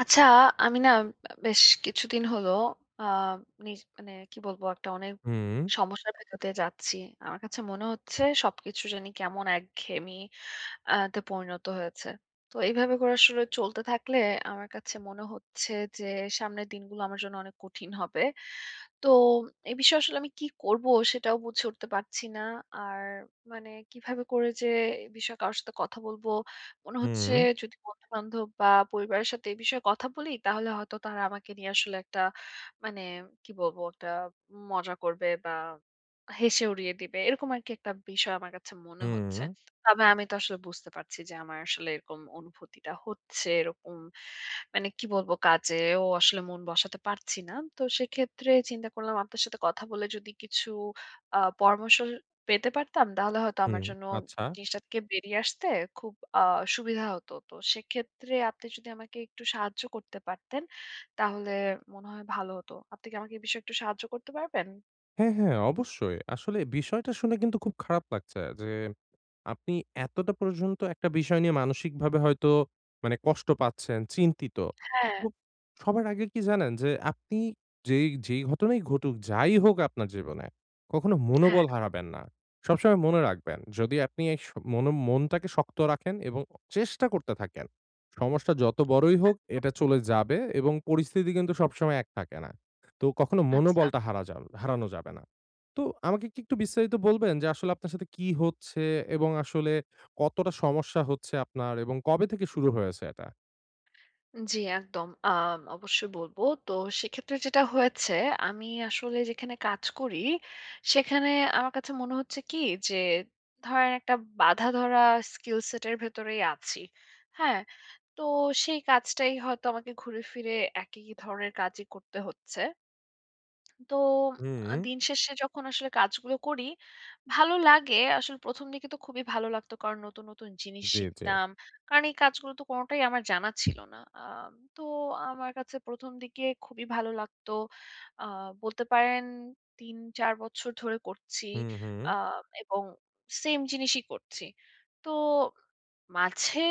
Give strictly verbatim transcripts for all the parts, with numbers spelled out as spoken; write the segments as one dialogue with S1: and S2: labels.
S1: আচ্ছা, আমি না অ্যাাম বেশ কিছুদিন হলো আ নিজ মানে কি বলবো একটা অনেক
S2: হুম।
S1: সমস্যার ভেতর দিয়ে যাচ্ছি। আমার কাছে মনে হচ্ছে সবকিছু জানি কেমন একঘেয়েমি আ তে পরিণত হয়েছে। তো এইভাবে করে আসলে চলতে থাকলে আমার কাছে মনে হচ্ছে যে, সামনের দিনগুলো আমার জন্য অনেক কঠিন হবে। তো, এই বিষয়ে আসলে আমি কী করব; সেটাও বুঝে উঠতে পারছি না। আর মানে কীভাবে করে যে এ বিষয়ে কারো সাথে কথা বলব? মনে হচ্ছে
S2: হুম।
S1: যদি বন্ধু-বান্ধব বা পরিবারের সাথে এ বিষয়ে কথা বলি তাহলে হয়তো তারা আমাকে নিয়ে আসলে একটা মানে কি বলব একটা মজা করবে বা হেসে উড়িয়ে দিবে। এরকম আরকি একটা বিষয় আমার কাছে মনে হচ্ছে।
S2: হুম।
S1: তবে আমি তো আসলে বুঝতে পারছি যে আমার আসলে এরকম অনুভূতিটা হচ্ছে, এরকম মানে কি বলবো কাজেও আসলে মন বসাতে পারছি না। তো সেক্ষেত্রে চিন্তা করলাম আপনার সাথে কথা বলে যদি কিছু আ পরামর্শ পেতে পারতাম, তাহলে হয়তো আমার
S2: হুম,
S1: জন্য
S2: আচ্ছা।
S1: জিনিসটা থেকে বেরিয়ে আসতে খুব আ সুবিধা হতো। তো সেক্ষেত্রে আপনি যদি আমাকে একটু সাহায্য করতে পারতেন, তাহলে মনে হয় ভালো হতো। আপনি কি আমাকে এ বিষয়ে একটু সাহায্য করতে পারবেন?
S2: হ্যাঁ, হ্যাঁ অবশ্যই। আসলে বিষয়টা শুনে কিন্তু খুব খারাপ লাগছে যে আপনি এতটা পর্যন্ত একটা বিষয় নিয়ে মানসিকভাবে হয়তো মানে কষ্ট পাচ্ছেন, চিন্তিত।
S1: হ্যাঁ।
S2: তো সবার আগে কি জানেন? যে আপনি যেই যেই ঘটনাই ঘটুক, যাই হোক আপনার জীবনে কখনো
S1: হ্যাঁ।
S2: মনোবল হারাবেন না। সবসময় মনে রাখবেন যদি আপনি এই স মনো মনটাকে শক্ত রাখেন এবং অ চেষ্টা করতে থাকেন। সমস্যা যত বড়ই হোক
S1: একদম।
S2: এটা চলে যাবে এবং পরিস্থিতি কিন্তু সবসময় এক থাকে না। তো কখনো
S1: আচ্ছা।
S2: মনোবলটা হারা যা হারানো যাবে না। তো আমাকে কী একটু বিস্তারিত বলবেন যে, আসলে আপনার সাথে কি হচ্ছে এবং আসলে কতটা সমস্যা হচ্ছে আপনার এবং কবে থেকে শুরু হয়েছে এটা?
S1: উম জি একদম আম অবশ্যই বলবো তো সেক্ষেত্রে যেটা হয়েছে, আমি আসলে যেখানে কাজ করি সেখানে আমার কাছে মনে হচ্ছে কী যে ধরেন একটা বাঁধাধরা স্কিল সেট এর ভেতরেই আছি। হ্যাঁ, তো সেই কাজটাই হয়তো আমাকে ঘুরে ফিরে একই ধরনের কাজই করতে হচ্ছে। তো আ
S2: হুম।
S1: দিন শেষে যখন আসলে কাজগুলো করি ভালো লাগে। আসলে প্রথম দিকে তো খুবই ভালো লাগত কারণ নতুন, নতুন জিনিস
S2: জি, জি।
S1: শিখতাম কারণ এই কাজগুলো তো কোনটাই আমার জানা ছিল না। আম তো আমার কাছে প্রথম দিকে খুবই ভালো লাগতো আ বলতে পারেন তিন-চার বছর ধরে করছি
S2: হুম, হুম।
S1: আ এবং same জিনিসই করছি। তো মাঝে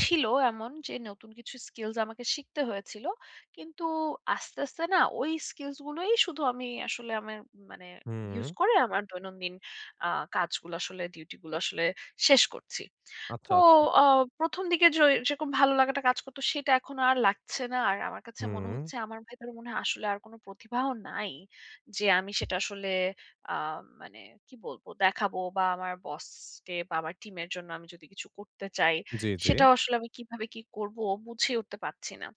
S1: ছিল এমন যে নতুন কিছু স্কিলস আমাকে শিখতে হয়েছিলো কিন্তু আস্তে, আস্তে না ওই স্কিলস গুলোই শুধু আমি আসলেই আমের মানে
S2: হুম।
S1: use করে আমার দৈনন্দিন আ কাজগুলো আসলে ডিউটি গুলো আসলে শেষ করছি। তো
S2: আচ্ছা, আচ্ছা।
S1: অ প্রথম দিকে য এ যেরকম ভালো লাগাটা কাজ করতো সেটা এখন আর লাগছে না আর আমার কাছে মনে
S2: হুম।
S1: হচ্ছে আমার ভেতরে মনে হয় আসলে আর কোন প্রতিভাও নাই যে আমি সেটা আসলে আ মানে কি বলবো? দেখাবো বা আমার বসকে বা আমার টিম এর জন্য আমি যদি কিছু করতে চাই,
S2: জি, জি।
S1: সেটাও আসলে আমি কিভাবে কি করব বুঝে উঠতে পাচ্ছি না।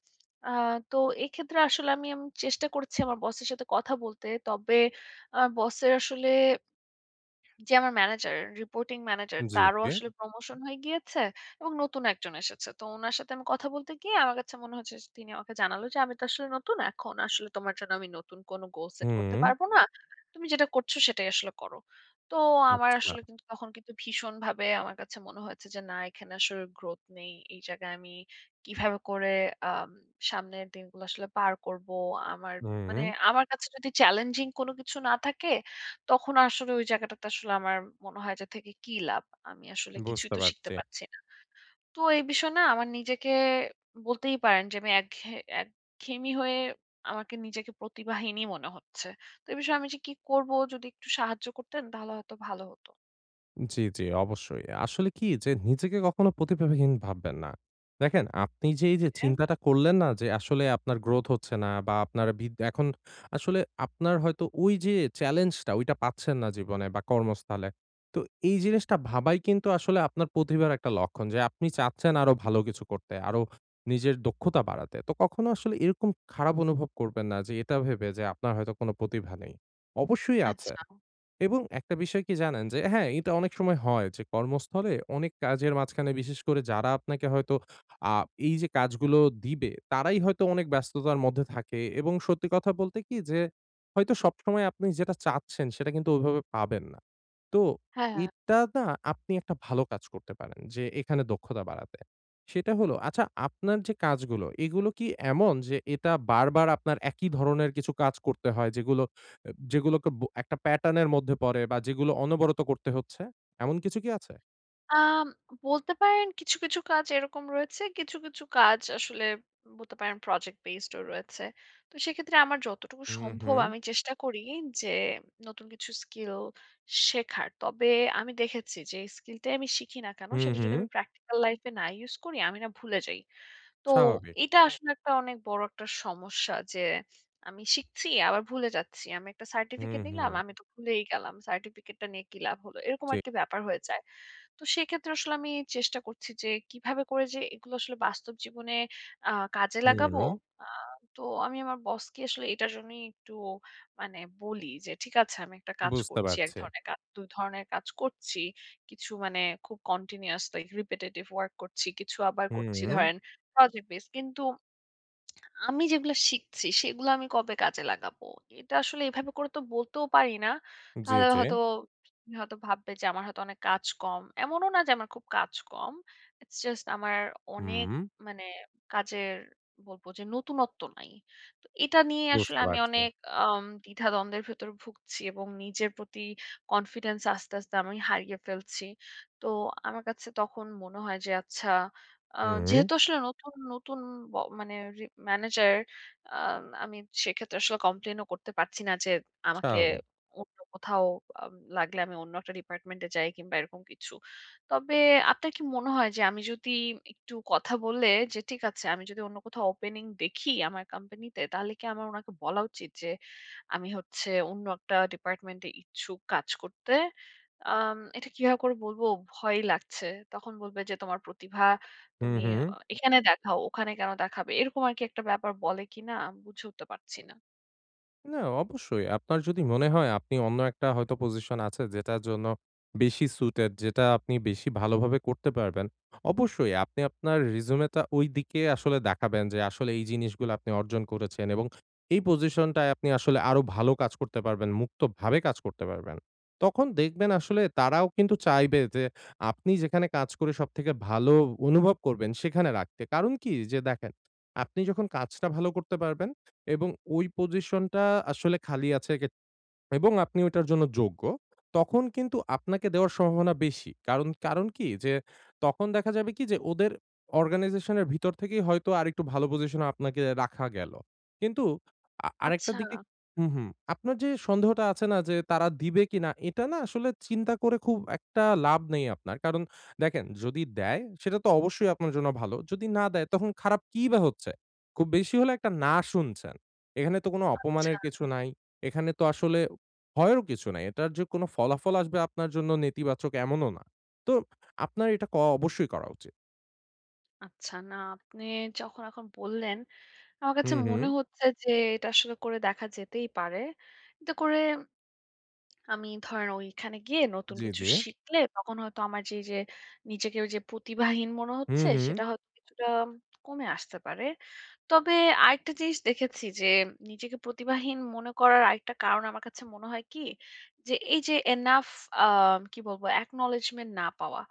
S1: আ তো এক্ষেত্রে আসলে আমি আম চেষ্টা করছি আমার বসের সাথে কথা বলতে। তবে আ বসের আসলে যে আমার ম্যানেজার রিপোর্টিং ম্যানেজার
S2: জি,
S1: তারও
S2: জি।
S1: আসলে প্রমোশন হয়ে গিয়েছে এবং নতুন একজন এসেছে তো উনার সাথে আমি কথা বলতে গিয়ে আমার কাছে মনে হয়েছে স তিনি আমাকে জানালো যে, "আমি তো আসলে নতুন এখন আসলে তোমার জন্য আমি নতুন কোন গোল সেট করতে
S2: হুম।
S1: পারব না তুমি যেটা করছো সেটাই আসলে করো।" তো আমার
S2: আচ্ছা।
S1: আসলে কিন্তু তখন কিন্তু ভীষণ ভাবে আমার কাছে মনে হয়েছে যে না এখানে আসলে গ্রোথ নেই এই জায়গায় আমি কীভাবে করে আম সামনের দিনগুলো আসলে পার করবো। আমার মানে
S2: হুম।
S1: আমার কাছে যদি চ্যালেঞ্জিং কোনো কিছু না থাকে তখন আসলে ওই জায়গাটাতে আসলে আমার মনে হয় যে, থেকে কী লাভ? আমি আসলে কিছুই
S2: বুঝতে
S1: তো শিখতে
S2: পারছি।
S1: পাচ্ছি না। তো এই বিষয়ে না আমার নিজেকে বলতেই পারেন যে আমি একঘেয়ে একঘেয়েমি হয়ে আমাকে নিজেকে প্রতিভাহীনই মনে হচ্ছে। তো এই বিষয়ে আমি যে কি করবো যদি একটু সাহায্য করতেন তাহলে হয়তো ভালো হতো?
S2: জ্বী, জ্বী অবশ্যই। আসলে কি যে নিজেকে কখনো প্রতিভাবহীন ভাববেন না। দেখেন আপনি যে এইযে
S1: হ্যাঁ?
S2: চিন্তাটা করলেন না যে, আসলে আপনার গ্রোথ হচ্ছে না বা আপনার ভিত এখন আসলে আপনার হয়তো ওই যে চ্যালেঞ্জ টা ওইটা পাচ্ছেন না জীবনে বা কর্মস্থলে। তো এই জিনিসটা ভাবাই কিন্তু আসলে আপনার প্রতিভার একটা লক্ষণ। যে আপনি চাচ্ছেন আরো ভালো কিছু করতে, আরো নিজের দক্ষতা বাড়াতে। তো কখনো আসলে এরকম খারাপ অনুভব করবেন না যে এটা ভেবে যে আপনার হয়তো কোন প্রতিভা নেই। অবশ্যই আছে।
S1: আচ্ছা।
S2: এবং একটা বিষয় কি জানেন? যে হ্যাঁ, এটা অনেক সময় হয় যে কর্মস্থলে অনেক কাজের মাঝখানে বিশেষ করে যারা আপনাকে হয়তো আ এই যে কাজগুলো দিবে। তারাই হয়তো অনেক ব্যস্ততার মধ্যে থাকে এবং সত্যি কথা বলতে কি যে, হয়তো সবসময় আপনি যেটা চাচ্ছেন সেটা কিন্তু ওইভাবে পাবেন না। তো,
S1: হ্যাঁ, হ্যাঁ।
S2: এটা না আপনি একটা ভালো কাজ করতে পারেন যে এখানে দক্ষতা বাড়াতে। সেটা হলো আচ্ছা আপনার যে কাজগুলো এগুলো কি এমন যে এটা বারবার আপনার একই ধরনের কিছু কাজ করতে হয়? যেগুলো অ্যা যেগুলোকে ব একটা প্যাটার্ন এর মধ্যে পড়ে বা যেগুলো অনবরত করতে হচ্ছে। এমন কিছু কি আছে?
S1: আম বলতে পারেন কিছু, কিছু কাজ এরকম রয়েছে। কিছু, কিছু কাজ আসলে বলতে পারেন প্রজেক্ট বেসড ও রয়েছে। তো সেক্ষেত্রে আমার যতটুকু
S2: হু,
S1: সম্ভব
S2: হু।
S1: আমি চেষ্টা করি যে, নতুন কিছু স্কিল শেখার। তবে আমি দেখেছি, যেই স্কিলটাই আমি শিখি না কেন,
S2: হু,
S1: সেটা যদি
S2: হু।
S1: আমি প্র্যাকটিক্যাল লাইফ-এ না ইউজ করি, আমি না ভুলে যাই। তো,
S2: স্বাভাবিক।
S1: এটা আসলে একটা অনেক বড় একটা সমস্যা যে, আমি শিখছি, আবার ভুলে যাচ্ছি। আমি একটা
S2: হুম,
S1: সার্টিফিকেট নিলাম।
S2: হুম।
S1: আমি তো ভুলেই গেলাম। সার্টিফিকেটটা নিয়ে কি লাভ হলো। এরকম আর
S2: ঠিক।
S1: একটা ব্যাপার হয়ে যায়। তো সেক্ষেত্রে আসলে আমি চেষ্টা করছি যে, কিভাবে করে যে এগুলো আসলে বাস্তব জীবনে আ কাজে
S2: হু
S1: লাগাবো,
S2: উ
S1: আ তো আমি আমার বসকে আসলে এটার জন্যই একটু মানে বলি যে ঠিক আছে আমি একটা কাজ
S2: বুঝতে
S1: করছি। এক
S2: পারছি।
S1: ধরনের কাজ, দুই ধরনের কাজ করছি। কিছু মানে খুব কন্টিনিউয়াসলি রিপিটিটিভ ওয়ার্ক করছি। কিছু আবার
S2: হুম
S1: করছি
S2: উ
S1: ধরেন, প্রজেক্ট বেজ কিন্তু আমি যেগুলা শিখছি সেগুলা আমি কবে কাজে লাগাবো? এটা আসলে এভাবে করে তো বলতেও পারি না।
S2: জি,
S1: তাহলে
S2: জি।
S1: হয়তো হয়তো ভাববে যে আমার হয়তো অনেক কাজ কম। এমনও না যে আমার খুব কাজ কম। ইটস জাস্ট আমার অনেক
S2: হুম।
S1: মানে কাজের বলব যে নতুণত্ব নাই। তো এটা নিয়ে আসলে
S2: বুঝতে
S1: আমি
S2: পারছি।
S1: অনেক আম দ্বিধা-দ্বন্দ্বের ভেতরে ভুগছি এবং নিজের প্রতি কনফিডেন্স আস্তে, আস্তে আমি হারিয়ে ফেলছি। তো আমার কাছে তখন মনে হয় যে আচ্ছা আ
S2: হুম।
S1: যেহেতু আসলে নতুন, নতুন ব মানে রি ম্যানেজার। আ আমি সেক্ষেত্রে আসলে কমপ্লেইন ও করতে পারছি না যে, আমাকে
S2: স্বাভাবিক।
S1: অন্য কোথাও, আ লাগলে আমি অন্য একটা ডিপার্টমেন্ট এ যাই কিংবা এরকম কিছু। তবে আপনার কি মনে হয় যে আমি যদি একটু কথা বলে যে, ঠিক আছে আমি যদি অন্য কোথাও ওপেনিং দেখি আমার কোম্পানিতে, তাহলে কি আমার ওনাকে বলা উচিত যে আমি হচ্ছে অন্য একটা ডিপার্টমেন্ট এ ইচ্ছুক কাজ করতে? আম এটা কিভাবে করে বলব, ভয়ই লাগছে। তখন বলবে যে তোমার প্রতিভা
S2: হু,
S1: তুমি অ
S2: হু।
S1: এখানে দেখাও। ওখানে কেন দেখাবে? এরকম আরকি একটা ব্যাপার বলে কিনা আমি বুঝে উঠতে পারছি না।
S2: না অবশ্যই আপনার যদি মনে হয় আপনি অন্য একটা হয়তো পজিশন আছে যেটার জন্য বেশি সুইটেড যেটা আপনি বেশি ভালোভাবে করতে পারবেন। অবশ্যই আপনি আপনার রিসিউম টা ওই দিকে আসলে দেখাবেন যে আসলে এই জিনিসগুলা আপনি অর্জন করেছেন এবং এই পজিশনটায় আপনি আসলে আরো ভালো কাজ করতে পারবেন মুক্তভাবে কাজ করতে পারবেন। তখন দেখবেন আসলে তারাও কিন্তু চাইবে যে আপনি যেখানে কাজ করে সবথেকে ভালো অনুভব করবেন সেখানে রাখতে। কারণ কি যে দেখেন, আপনি যখন কাজটা ভালো করতে পারবেন এবং ওই পজিশনটা আসলে খালি আছে সে গে এবং আপনি ওইটার জন্য যোগ্য। তখন কিন্তু আপনাকে দেওয়ার সম্ভাবনা বেশি। কারণ কারণ কি যে তখন দেখা যাবে কি যে ওদের অর্গানাইজেশন এর ভিতর থেকেই হয়তো আরেকটু ভালো পজিশন এ আপনাকে রাখা গেল। কিন্তু আ আরেকটা দিক
S1: আচ্ছা।
S2: হু, হু আপনার যে সন্দেহটা আছে না যে তারা দিবে কিনা, এটা না আসলে চিন্তা করে খুব একটা লাভ নেই আপনার। কারণ দেখেন যদি দেয় সেটা তো অবশ্যই আপনার জন্য ভালো যদি না দেয়, তখন খারাপ কি বা হচ্ছে? খুব বেশি হলে একটা না শুনছেন। এখানে তো কোনো
S1: আচ্ছা।
S2: অপমানের কিছু নাই, এখানে তো আসলে ভয়েরও কিছু নাই। এটার যে কোন ফলাফল আসবে আপনার জন্য নেতিবাচক এমনও না। তো আপনার এটা ক অবশ্যই করা উচিত।
S1: আচ্ছা, না আপনি যখন এখন বললেন, আমার কাছে
S2: হুম,
S1: মনে
S2: হুম।
S1: হচ্ছে যে, এটা আসলে করে দেখা যেতেই পারে। এটা করে আমি ধরেন, ওই খানে গিয়ে নতুন
S2: জ্বী,
S1: কিছু
S2: জ্বী।
S1: শিখলে তখন হয়তো আমার যে এইযে, নিজেকে ওই যে প্রতিভাহীন মনে
S2: হুম,
S1: হচ্ছে,
S2: হুম।
S1: সেটা হয়তো কিছুটা কমে আসতে পারে। তবে আরেকটা জিনিস দেখেছি যে, নিজেকে প্রতিভাহীন মনে করার আরেকটা কারণ আমার কাছে মনে হয় কি? যে এই যে এনাফ আ কি বলবো অ্যাকনলেজ্‌মেন না পাওয়া।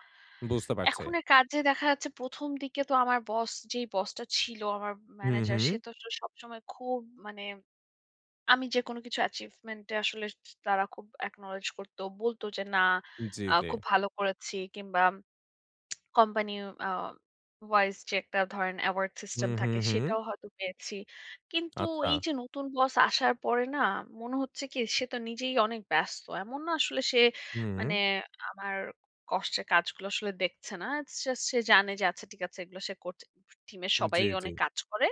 S2: বুঝতে পারছি।
S1: এখনের কাজে দেখা যাচ্ছে প্রথম দিকে তো আমার বস যেই বসটা ছিল আমার
S2: হুম,
S1: ম্যানেজার, সে
S2: হুম।
S1: তো সবসময় খুব মানে, আমি যেকোনো কিছু অ্যাচিভমেন্ট এ আসলে স তারা খুব অ্যাকনলেজ করত, বলত যে, "না
S2: জি,
S1: আ
S2: জি।
S1: খুব ভালো করেছি" কিংবা কোম্পানি আ ভাইস যে একটা ধরেন অ্যাওয়ার্ড সিস্টেম
S2: হুম, হুম,
S1: থাকে
S2: হুম।
S1: সেটাও হয়তো পেয়েছি। কিন্তু
S2: আচ্ছা।
S1: এই যে নতুন বস আসার পরে না মনে হচ্ছে কি সে তো নিজেই অনেক ব্যস্ত। এমন না আসলে সে মানে
S2: হুম।
S1: আমার কষ্টের কাজগুলো আসলে দেখছে না। জাছ সে জানে যে, "আচ্ছা ঠিক আছে এগুলো করছে" উ স টিমের সবাই
S2: জ্বী, জ্বী।
S1: অনেক কাজ করে।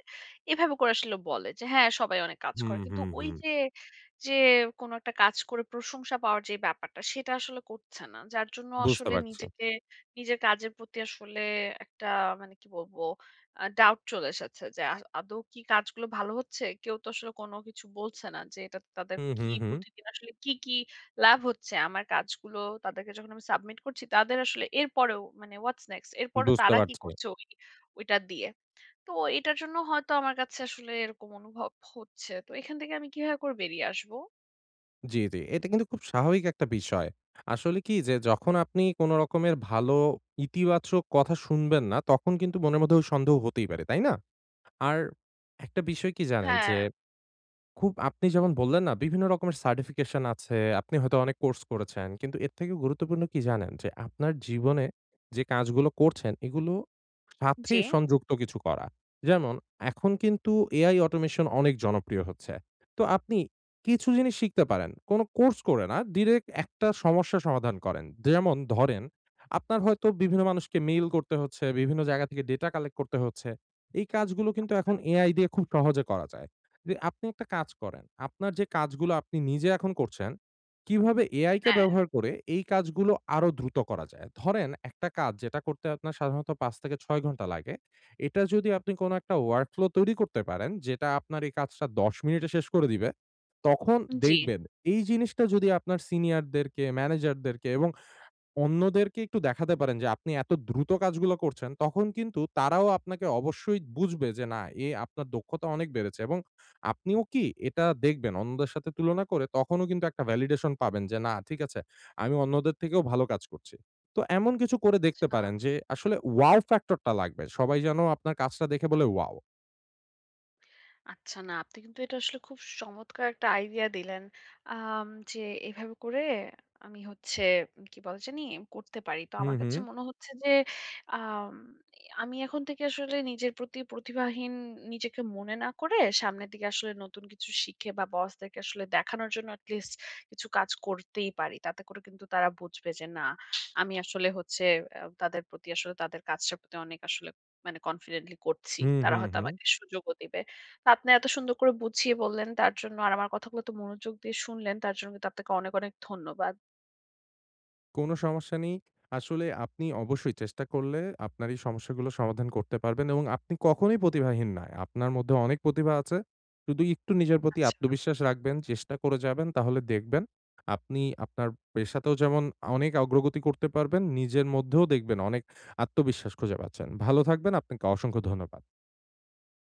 S1: এভাবে করে আসলে বলে যে, "হ্যাঁ, সবাই অনেক কাজ
S2: হুম,
S1: করে।" কিন্তু
S2: হুম, হুম।
S1: ওইযে, যে কোন একটা কাজ করে প্রশংসা পাওয়ার যে ব্যাপারটা, সেটা আসলে করছে না। যার জন্য
S2: বুঝতে
S1: আসলে
S2: পারছি।
S1: নিজেকে নিজের কাজের প্রতি আসলে একটা মানে কি বলবো আ ডাউট চলে এসেছে। যে আ আদৌ কি কাজগুলো ভালো হচ্ছে? কেউ তো আসলে কোন কিছু বলছে না যে, "এটা ত তাদের
S2: হুম,
S1: কি
S2: হুম, হুম।
S1: প্রতিদিন আসলে কী, কী লাভ হচ্ছে?" আমার কাজগুলো তাদেরকে যখন আমি সাবমিট করছি, তাদের আসলে এরপরেও মানে, হোয়াটস নেক্সট? এরপরেও
S2: বুঝতে
S1: তারা কি
S2: পারছি।
S1: করছে ওই ওইটা দিয়ে। তো এটার জন্য হয়তো আমার কাছে আসলে এরকম অনুভব হচ্ছে। তো এখান থেকে আমি কিভাবে করে বেরিয়ে আসবো?
S2: জি, জি এটা কিন্তু খুব স্বাভাবিক একটা বিষয়। আসলে কি যে যখন আপনি কোনো রকমের ভালো ইতিবাচক কথা শুনবেন না, তখন কিন্তু মনের মধ্যে ওই সন্দেহ হতেই পারে। তাই না? আর, একটা বিষয় কি জানেন
S1: হ্যাঁ।
S2: যে, খুব আপনি যেমন বললেন না, বিভিন্ন রকমের সার্টিফিকেশন আছে, আপনি হয়তো অনেক কোর্স করেছেন কিন্তু এর থেকেও গুরুত্বপূর্ণ কি জানেন? যে আপনার জীবনে যে কাজগুলো করছেন, এগুলো সাথে
S1: জি।
S2: সংযুক্ত কিছু করা। যেমন এখন কিন্তু AI automation অনেক জনপ্রিয় হচ্ছে। তো আপনি কিছু জিনিস শিখতে পারেন, কোনো কোর্স করে না ডিরেক্ট একটা সমস্যা সমাধান করেন। যে যেমন ধরেন, আপনার হয়তো বিভিন্ন মানুষকে মেইল করতে হচ্ছে, বিভিন্ন জায়গা থেকে ডেটা কালেক্ট করতে হচ্ছে। এই কাজগুলো কিন্তু
S1: আচ্ছা।
S2: এখন AI দিয়ে খুব সহজে করা যায়। দে আপনি একটা কাজ করেন, আপনার যে কাজগুলো আপনি নিজে এখন করছেন, কিভাবে AI কে
S1: হ্যাঁ।
S2: ব্যবহার করে এই কাজগুলো আরো দ্রুত করা যায়? ধরেন একটা কাজ যেটা করতে আপনার সাধারণত পাঁচ থেকে ছয় ঘন্টা লাগে। এটা যদি আপনি কোন একটা ওয়ার্ক ফ্লো তৈরি করতে পারেন, যেটা আপনার এই কাজটা দশ মিনিটে শেষ করে দিবে। তখন
S1: উ জি।
S2: দেখবেন এই জিনিসটা যদি আপনার সিনিয়ার-দেরকে, ম্যানেজার-দেরকে এবং অন্যদেরকে একটু দেখাতে পারেন যে, আপনি এত দ্রুত কাজগুলা করছেন। তখন কিন্তু তারাও আপনাকে অবশ্যই বুঝবে যে, না এ আপনার দক্ষতা অনেক বেড়েছে এবং আপনিও কি এটা দেখবেন অন্যদের সাথে তুলনা করে তখনও কিন্তু একটা ভ্যালিডেশন পাবেন যে, "না ঠিক আছে আমি অন্যদের থেকেও ভালো কাজ করছি।" তো এমন কিছু করে দেখতে
S1: ছা
S2: পারেন যে আসলে ওয়াও ফ্যাক্টর টা লাগবে সবাই যেনো আপনার কাজটা দেখে বলে, "ওয়াও!"
S1: আচ্ছা, না আপনি কিন্তু এটা আসলে খুব সমৎকার একটা আইডিয়া দিলেন। আম যে, এভাবে করে আমি হচ্ছে কি বলে জানি? করতে পারি। তো
S2: হু,
S1: আমার কাছে
S2: হু।
S1: মনে হচ্ছে যে আম এ আমি এখন থেকে আসলে নিজের প্রতি প্রতিভাহীন নিজেকে মনে না করে, সামনের দিকে আসলে নতুন কিছু শিখে বা বসদেরকে আসলে দেখানোর জন্য at least কিছু কাজ করতেই পারি। তাতে করে কিন্তু তারা বুঝবে যে না, আমি আসলে হচ্ছে আ তাদের প্রতি আসলে তাদের কাজটার প্রতি অনেক আসলে মানে কনফিডেন্টলি করছি
S2: হু, হু,
S1: তারা হয়তো
S2: হু।
S1: আমাকে সুযোগও দিবে। তো আপনি এত সুন্দর করে বুঝিয়ে বললেন তার জন্য আর আমার কথাগুলো এতো মনোযোগ দিয়ে শুনলেন তার জন্য কিন্তু আপনাকে অনেক, অনেক ধন্যবাদ।
S2: কোনো সমস্যা নেই। আসলে আপনি অবশ্যই চেষ্টা করলে আপনার এই সমস্যাগুলো সমাধান করতে পারবেন এবং আপনি কখনোই প্রতিভাহীন না য় আপনার মধ্যে অনেক প্রতিভা আছে, শুধু ইকটু নিজের প্রতি
S1: আচ্ছা।
S2: আত্মবিশ্বাস রাখবেন, চেষ্টা করে যাবেন। তাহলে দেখবেন, আপনি আপনার পেশাতেও যেমন অনেক অগ্রগতি করতে পারবেন নিজের মধ্যেও দেখবেন অনেক আত্মবিশ্বাস খুঁজে পাচ্ছেন। ভালো থাকবেন আপনাকে অসংখ্য ধন্যবাদ।